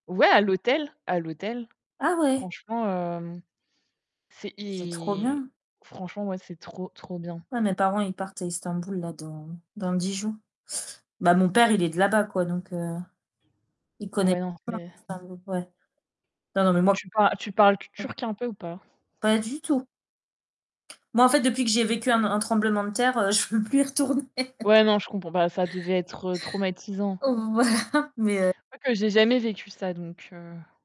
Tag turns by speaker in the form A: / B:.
A: Ouais, à l'hôtel, à l'hôtel.
B: Ah ouais?
A: Franchement, hem, c'est,
B: C'est trop
A: i
B: bien.
A: franchement ouais, c'est trop trop bien.
B: Ouais mes parents, ils partent à Istanbul là dans dans 10 jours. Bah mon père, il est de là-bas quoi, donc heu, il connaît
A: Ouais, non,
B: p
A: c'est
B: Istanbul ouais. Non non mais moi
A: Tu par tu parles t
B: [unintelligible]
A: turc un peu ou pas?
B: Pas du tout. Moi en fait depuis que j'ai vécu un n un tremblement de terre, heu, je veux plus y retourner.
A: Ouais, non je comprends, bah, ça devait être, heu, traumatisant.
B: Voilà, mais heu
A: Je crois que j'ai jamais vécu ça, donc heu